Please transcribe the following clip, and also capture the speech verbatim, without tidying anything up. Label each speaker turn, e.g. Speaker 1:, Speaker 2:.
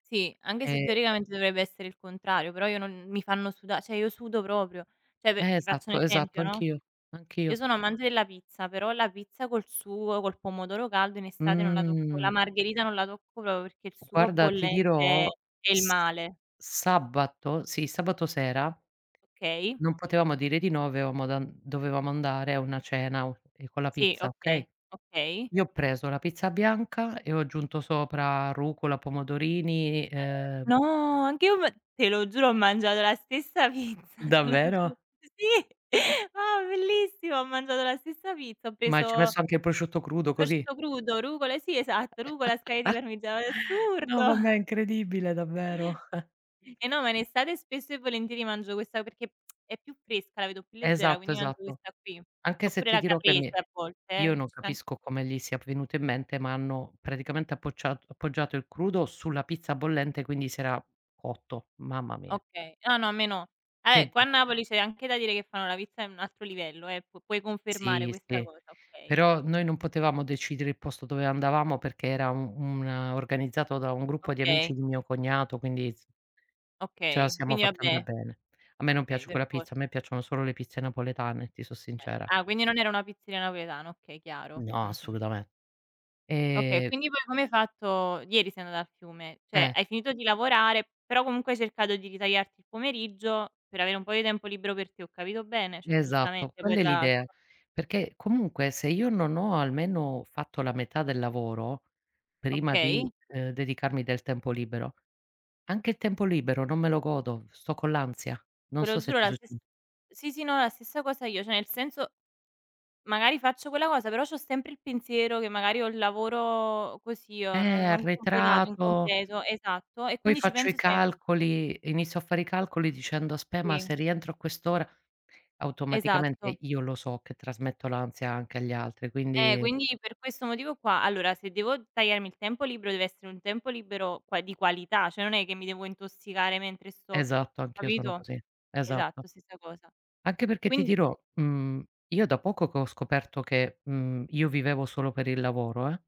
Speaker 1: Sì, anghe se,
Speaker 2: E
Speaker 1: teoricamente, dovrebbe essere il contrario, però io non mi fanno suda ceh io sudo proprio. ceh pe
Speaker 2: Eh,
Speaker 1: ti faccio un
Speaker 2: esatto, esatto.
Speaker 1: esempio, no,
Speaker 2: Anch'io,
Speaker 1: io
Speaker 2: anch'io.
Speaker 1: sono amante della pizza, però la pizza col sugo, col pomodoro caldo, in estate non la tocco La
Speaker 2: Mh.
Speaker 1: margherita non la tocco propro, perché il sugo
Speaker 2: Guarda, ti
Speaker 1: bollente
Speaker 2: dirò,
Speaker 1: è il
Speaker 2: s
Speaker 1: male.
Speaker 2: sabato sì, sabato sera
Speaker 1: kay.
Speaker 2: non potevamo dire di no, aveamo dan dovevamo andare a una cena o ehm, con la
Speaker 1: Sì.
Speaker 2: pizza,
Speaker 1: Okay,
Speaker 2: okay?
Speaker 1: okay.
Speaker 2: Io ho preso la pizza bianca e ho aggiunto sopra rucola, pomodorini e, uhm
Speaker 1: No, anch'io me te lo giuro, ho mangiado la stessa pizza, te lo giu
Speaker 2: Davvero?
Speaker 1: s sì! Oh, bellissimo! Ho mangiato la stessa pizza. Ho
Speaker 2: Ma ci hai
Speaker 1: preso
Speaker 2: messo anche il prosciutto crudo, così?
Speaker 1: prosciutto crudo, rucola eh, sì esatto, rucola, scaglie di parmigiao è
Speaker 2: No,
Speaker 1: assurdo!
Speaker 2: vabbè, incredibile davvero.
Speaker 1: Eh, no, ma in estate spesso e volentieri mangio questa perché è più fresca, la vedo più leggera,
Speaker 2: Esatto,
Speaker 1: quindi mangio
Speaker 2: esatto.
Speaker 1: questa qui,
Speaker 2: Anche se
Speaker 1: oppure
Speaker 2: ti
Speaker 1: la
Speaker 2: dirò che
Speaker 1: caprese
Speaker 2: mi
Speaker 1: a volte,
Speaker 2: io
Speaker 1: eh.
Speaker 2: non
Speaker 1: Ci sta an
Speaker 2: capisco come gli sia venuto in mente, ma hanno predicamente appoccia appoggiato il crudo sulla pizza bollente, quindi si era cotto: mamma mia!
Speaker 1: Okay. Ah no, a me no. Ah,
Speaker 2: Che
Speaker 1: eh, qua a
Speaker 2: dit
Speaker 1: Napoli c'è anche da dire che fanno la pizza in un altro livello, eh! P puoi confermare
Speaker 2: Sì,
Speaker 1: questa
Speaker 2: sì.
Speaker 1: cosa, okay.
Speaker 2: Però noi non potevamo decidere il posto dove andavamo perché era u una organizzato da un gruppo di amici
Speaker 1: Okay.
Speaker 2: di un mio cognato quindi s ce la
Speaker 1: Okay,
Speaker 2: siamo
Speaker 1: quindi
Speaker 2: fatta
Speaker 1: vabbè
Speaker 2: andar bene. A me non
Speaker 1: okay,
Speaker 2: piace
Speaker 1: per
Speaker 2: quella pizza, a
Speaker 1: forza.
Speaker 2: me piacciono solo le pizze napoletane, ti so
Speaker 1: Eh
Speaker 2: sincera.
Speaker 1: ah, quindi non era una pizzeria napoledana. Okay, chiaro,
Speaker 2: No,
Speaker 1: mh-mh.
Speaker 2: assolutame
Speaker 1: Okay e
Speaker 2: ehm
Speaker 1: quindi poi come hai fatto ieri sei andata al fiume? ceh,
Speaker 2: Eh!
Speaker 1: hai finito di lavorare, però comunque hai cercato di ritagliarti il pomeriggio per avere un po' di tempo libero per te, ho capito bene? Cioè,
Speaker 2: Esatto,
Speaker 1: giustamente poi,
Speaker 2: quella è
Speaker 1: tra l'altro.
Speaker 2: l'idea. Perché, comunque, se io non ho almeno fatto la metà del lavoro, prima di,
Speaker 1: Okay.
Speaker 2: uhm, dedicarmi del tempo libero, anche il tempo libero non me lo godo, sto con l'ansia. Non
Speaker 1: Te lo
Speaker 2: so se
Speaker 1: giuro
Speaker 2: ti
Speaker 1: la
Speaker 2: succ
Speaker 1: stess sì, sì, no, la stessa cosa io. ceh nel senso, magari faccio quella cosa, però c'ho sempre il pensiero che magari ho il lavoro così, uhm, no
Speaker 2: Eh,
Speaker 1: non completato,
Speaker 2: arretrato
Speaker 1: incompleto esatto e
Speaker 2: poi
Speaker 1: quindi ci
Speaker 2: faccio i
Speaker 1: penso sempre.
Speaker 2: calcoli inizio a fare i calcoli dicendo: "Aspe ma
Speaker 1: Sì.
Speaker 2: se rientro a quest'ora"
Speaker 1: Esatto.
Speaker 2: automaticamente io lo so che trasmetto l'ansia anche agli altri
Speaker 1: Eh,
Speaker 2: quindi
Speaker 1: quindi per questo motivo qua allora se devo tagliarmi il tempo libero deve essere un tempo libero qua di qualità. ceh non è che mi devo intossicare mentre sto
Speaker 2: Esatto, anch'io sono
Speaker 1: capito?
Speaker 2: così, esatto.
Speaker 1: Esatto stessa cosa.
Speaker 2: Anche perché ti
Speaker 1: quini
Speaker 2: dirò, mhmm, io da poco che ho scoperto che, mhmm, io vivevo solo per il lavoro, eh.